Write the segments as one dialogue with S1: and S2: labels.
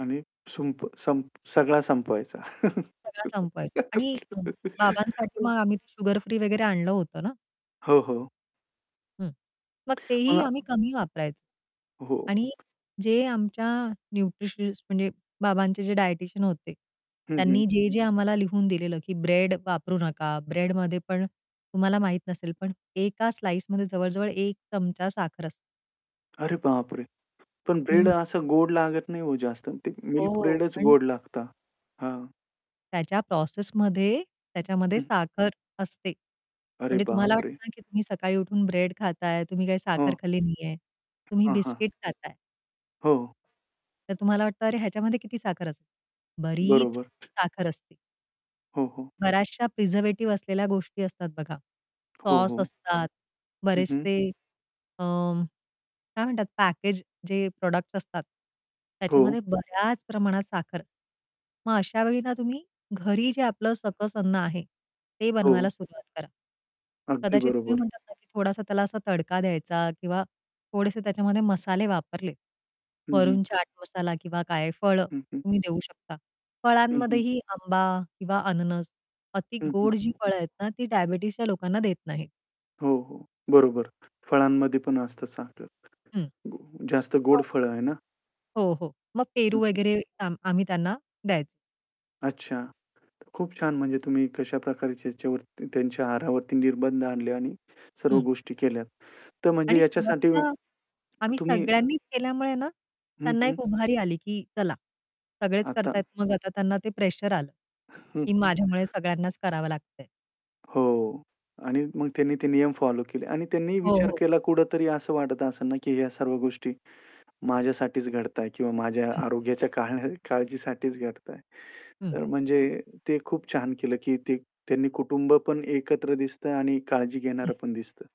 S1: आणि सुंप संप सगळा संपवायचा.
S2: सगळा संपवायचा आणि अ, बाबांसाठी मग आम्ही ते शुगर फ्री वगैरे आणलं होतं ना.
S1: हो, हो.
S2: हं. मग तेही
S1: मग
S2: आम्ही कमी वापरायचं.
S1: हो.
S2: आणि जे आमच्या न्यूट्रिशनिस्ट म्हणजे बाबांचे जे डायटीशियन होते,
S1: हं,
S2: त्यांनी
S1: हं.
S2: जे-जे आम्हाला लिहून दिलेलं की ब्रेड वापरू नका, ब्रेडमध्ये पण तुम्हाला माहीत नसेल पण एका स्लाइसमध्ये जवळ-जवळ एक चमचा साखर असते.
S1: अरे बापरे! पण ब्रेड
S2: हं.
S1: असं गोड लागत नाही हो जास्त ते
S2: हो,
S1: मिल्क
S2: हो,
S1: ब्रेडच
S2: पण
S1: गोड लागता. हां.
S2: त्याच्या प्रोसेसमध्ये त्याच्यामध्ये
S1: हं.
S2: साखर असते.
S1: अरे
S2: म्हणजे तुम्हाला
S1: बापरे!
S2: वाटतं ना की तुम्ही सकाळी उठून ब्रेड खाताय तुम्ही काही
S1: हं.
S2: साखर खाल्ली नाहीये तुम्ही
S1: हां, हां.
S2: बिस्किट खाताय.
S1: हो.
S2: तर तुम्हाला वाटतं, "अरे ह्याच्यामध्ये किती साखर असेल?" बरीच
S1: बरोबर.
S2: साखर असते.
S1: हो, हो.
S2: बऱ्याचशा प्रिझर्व्हेटिव्ह असलेल्या गोष्टी असतात बघा.
S1: हो,
S2: सॉस
S1: हो.
S2: असतात
S1: हं, हं.
S2: बरेचसे अ, काय म्हणतात पॅकेज जे प्रॉडक्ट्स असतात
S1: हो.
S2: त्याच्यामध्ये बऱ्याच प्रमाणात साखर मग अशावेळी ना तुम्ही घरी जे
S1: हं.
S2: आपलं सकस अन्न आहे ते
S1: हो.
S2: बनवायला सुरुवात करा.
S1: अगदी
S2: कदाचित तुम्ही
S1: बरोबर.
S2: म्हणतात ना थोडासा त्याला असा तडका द्यायचा किंवा थोडेसे त्याच्यामध्ये मसाले वापरले.
S1: हं, हं.
S2: वरून चाट मसाला किंवा काय फळ
S1: हं, हं.
S2: तुम्ही देऊ शकता.
S1: हं, हं.
S2: फळांमध्येही आंबा किंवा अननस अति
S1: हं,
S2: गोड जी
S1: हं.
S2: फळं आहेत ना, ती डायबिटीजच्या लोकांना देत नाहीत.
S1: हो, हो बरोबर. फळांमध्ये पण असतं साखर.
S2: हं.
S1: जास्त गोड
S2: [unintelligible]
S1: फळं आहे ना?
S2: हो, हो. मग
S1: हं,
S2: पेरू
S1: हं.
S2: वगैरे त्यां आम्ही त्यांना द्यायचो.
S1: अच्छा. तर खूप छान म्हणजे तुम्ही कशाप्रकारे त्याच्यावरती त्यांच्या आहारावरती निर्बंध आणले आणि सर्व
S2: हं.
S1: गोष्टी केल्या. तर म्हणजे
S2: आणि
S1: याच्यासाठी
S2: सुरुवातीला आम्ही
S1: तुम्ही
S2: सगळ्यांनीच केल्यामुळे ना
S1: हं,
S2: त्यांना
S1: हं.
S2: एक उभारी आली की चला सगळेच
S1: आता
S2: करताहेत मग आता त्यांना ते प्रेशर आलं.
S1: हं,
S2: की
S1: हं.
S2: माझ्यामुळे सगळ्यांनाच करावं लागतंय.
S1: हो. आणि मग त्यांनी ते नियम फॉलो केले आणि त्यांनी
S2: हो,
S1: विचार
S2: हो.
S1: केला कुठेतरी असं वाटतं असेल ना की ह्या सर्व गोष्टी माझ्यासाठीच घडताय किंवा माझ्या
S2: हं.
S1: आरोग्याच्या काळ काळजीसाठीच घडताय.
S2: हं.
S1: तर म्हणजे ते खूप छान केलं की ते त्यांनी कुटुंब पण एकत्र दिसतंय आणि काळजी
S2: हं.
S1: घेणारं पण दिसतं.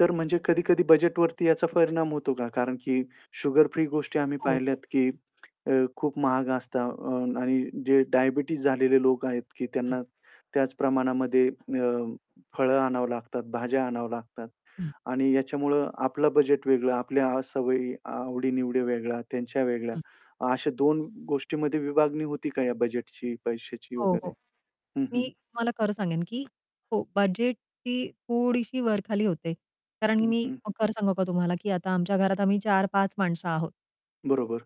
S1: तर म्हणजे कधी-कधी बजेटवरती याचा परिणाम होतो का? कारण की शुगर फ्री गोष्टी आम्ही
S2: हो, हो.
S1: पाहिल्यात की अ, खूप महाग असतात आणि अ, जे डायबिटीज झालेले लोक आहेत की
S2: हं.
S1: त्यांना त्याच प्रमाणामध्ये अ, फळं आणावं लागतात, भाज्या आणाव्या लागतात.
S2: हं.
S1: आणि याच्यामुळं आपलं बजेट वेगळं आपल्या अ, सवयी आवडी-निवडी वेगळ्या, त्यांच्या वेगळ्या
S2: हं.
S1: अशा दोन गोष्टींमध्ये विभागणी होती का या बजेटची, पैशाची
S2: हो,
S1: वगैरे?
S2: हो.
S1: हं,
S2: मी
S1: हं.
S2: तुम्हाला खरं सांगेन की हो. बजेटची थोडीशी वर-खाली होते. कारण
S1: हं,
S2: मी
S1: हं.
S2: खरं सांगू का तुम्हाला की आता आमच्या घरात आम्ही 4-5 माणसं आहोत.
S1: बरोबर.